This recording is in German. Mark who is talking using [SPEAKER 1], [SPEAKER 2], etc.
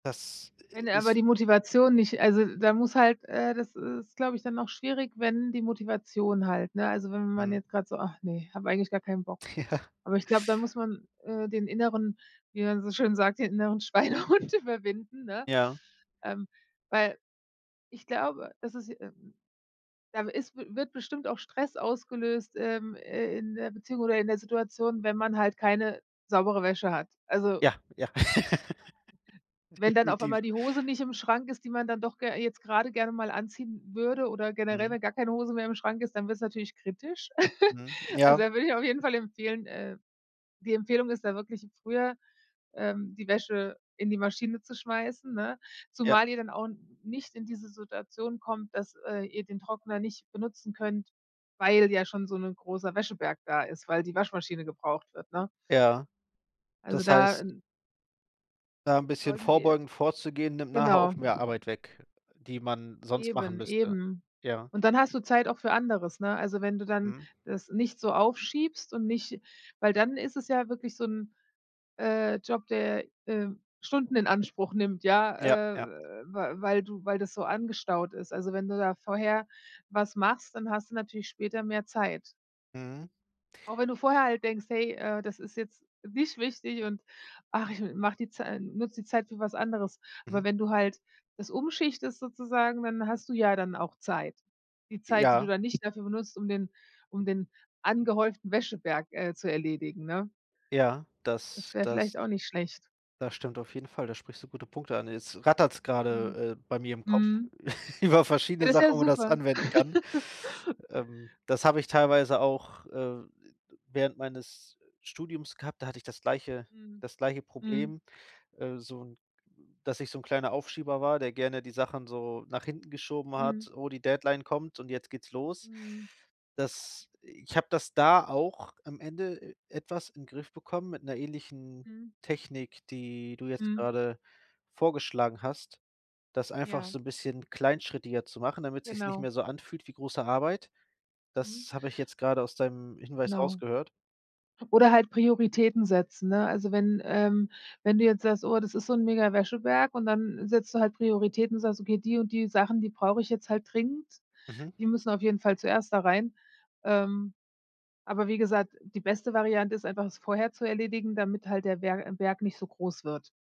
[SPEAKER 1] Das i
[SPEAKER 2] Wenn
[SPEAKER 1] i
[SPEAKER 2] aber
[SPEAKER 1] ist
[SPEAKER 2] die Motivation nicht also, da muss halt äh, das ist, glaube ich, dann auch schwierig, wenn die Motivation halt, ne also, wenn wenn man
[SPEAKER 1] Mhm.
[SPEAKER 2] jetzt grad so: „Ah, ne, habe eigentlich gar keinen Bock.“
[SPEAKER 1] Ja.
[SPEAKER 2] Aber ich glaube, dann muss man, äh, den inneren wie man so schön sagt, den inneren Schweinehund überwinden, ne?
[SPEAKER 1] Ja.
[SPEAKER 2] Ähm, weil ich glaube, es ist, äh da w ist wird bestimmt auch Stress ausgelöst, ähm, äh, in der Beziehung oder in der Situation, wenn man halt keine saubere Wäsche hat. Also
[SPEAKER 1] Ja, ja.
[SPEAKER 2] wenn dann auf
[SPEAKER 1] Definitiv.
[SPEAKER 2] einmal die Hose nicht im Schrank ist, die man dann doch ge jetzt grade gerne mal anziehen würde oder generell,
[SPEAKER 1] Mhm.
[SPEAKER 2] wenn gar keine Hose mehr im Schrank ist, dann wird's natürlich kritisch.
[SPEAKER 1] Mhm,
[SPEAKER 2] Also,
[SPEAKER 1] ja.
[SPEAKER 2] da würde ich auf jeden Fall empfehlen äh, die Empfehlung ist da wirklich, früher, ähm, die Wäsche in die Maschine zu schmeißen, ne?
[SPEAKER 1] Ja.
[SPEAKER 2] Zumal ihr dann auch nicht in diese Situation kommt, dass, äh, ihr den Trockner nicht benutzen könnt, weil ja schon so 'n großer Wäscheberg da ist, weil die Waschmaschine gebraucht wird, ne?
[SPEAKER 1] Ja.
[SPEAKER 2] Also
[SPEAKER 1] Das
[SPEAKER 2] da
[SPEAKER 1] heißt
[SPEAKER 2] n
[SPEAKER 1] da 'n bisschen
[SPEAKER 2] solltet ihr
[SPEAKER 1] vorbeugend vorzugehen, nimmt nachher
[SPEAKER 2] genau.
[SPEAKER 1] auch mehr Arbeit weg, die man sonst machen
[SPEAKER 2] Eben,
[SPEAKER 1] müsste.
[SPEAKER 2] eben.
[SPEAKER 1] Ja.
[SPEAKER 2] Und dann hast du Zeit auch für anderes, ne? Also, wenn du dann
[SPEAKER 1] Mhm.
[SPEAKER 2] das nicht so aufschiebst und nicht weil dann ist es ja wirklich so 'n, äh, Job, der, ähm, Stunden in Anspruch nimmt,
[SPEAKER 1] Ja,
[SPEAKER 2] ja, äh,
[SPEAKER 1] ja.
[SPEAKER 2] we weil du weil das so angestaut ist. Also, wenn du da vorher was machst, dann hast du natürlich später mehr Zeit.
[SPEAKER 1] Mhm.
[SPEAKER 2] Auch wenn du vorher halt denkst: „Hey, äh, das ist jetzt nicht wichtig und ach, ich m mache die Zeit nutze die Zeit für was anderes.“ Aber
[SPEAKER 1] Mhm.
[SPEAKER 2] wenn du halt das umschichtest sozusagen, dann hast du ja dann auch Zeit. Die Zeit, die du
[SPEAKER 1] Ja.
[SPEAKER 2] dann nicht dafür benutzt, um den um den angehäuften Wäscheberg, äh, zu erledigen, ne?
[SPEAKER 1] Ja,
[SPEAKER 2] Das
[SPEAKER 1] das
[SPEAKER 2] wäre
[SPEAKER 1] das
[SPEAKER 2] vielleicht auch nicht schlecht.
[SPEAKER 1] das stimmt auf jeden Fall, da sprichst du gute Punkte an. Jetzt rattert's
[SPEAKER 2] Mhm.
[SPEAKER 1] grade, äh, bei mir im Kopf
[SPEAKER 2] Mhm.
[SPEAKER 1] über
[SPEAKER 2] Ja,
[SPEAKER 1] verschiedene
[SPEAKER 2] das ja
[SPEAKER 1] Sachen, wo das
[SPEAKER 2] super.
[SPEAKER 1] anwenden kann. Ähm, das habe ich teilweise auch, äh, während meines Studiums gehabt, da hatte ich das gleiche
[SPEAKER 2] Mhm.
[SPEAKER 1] das gleiche
[SPEAKER 2] Mhm.
[SPEAKER 1] Problem, äh, so 'n dass ich so 'n kleiner Aufschieber war, der gerne die Sachen so nach hinten geschoben
[SPEAKER 2] Mhm.
[SPEAKER 1] hat. „Oh, die Deadline kommt und jetzt geht's los.“
[SPEAKER 2] Mhm.
[SPEAKER 1] Das ich habe das da auch am Ende e etwas in 'n Griff bekommen mit 'ner ähnlichen
[SPEAKER 2] Mhm.
[SPEAKER 1] Technik, die du jetzt
[SPEAKER 2] Mhm.
[SPEAKER 1] grade vorgeschlagen hast, das einfach
[SPEAKER 2] Ja.
[SPEAKER 1] so 'n bisschen kleinschrittiger zu machen, damit sich's nicht
[SPEAKER 2] Genau.
[SPEAKER 1] mehr so anfühlt wie große Arbeit.
[SPEAKER 2] Mhm.
[SPEAKER 1] Das habe ich jetzt grade aus deinem Hinweis
[SPEAKER 2] Genau.
[SPEAKER 1] rausgehört.
[SPEAKER 2] Oder halt Prioritäten setzen, ne? Also, wenn, ähm wenn du jetzt sagst: „Oh, das ist so 'n mega Wäscheberg“ und dann setzt du halt Prioritäten und sagst: „Okay, die und die Sachen, die brauche ich jetzt halt dringend,
[SPEAKER 1] Mhm.
[SPEAKER 2] die müssen auf jeden Fall zuerst da rein.“ Ähm, aber wie gesagt, die beste Variante ist einfach, es vorher zu erledigen, damit halt der Wer Berg nicht so groß wird.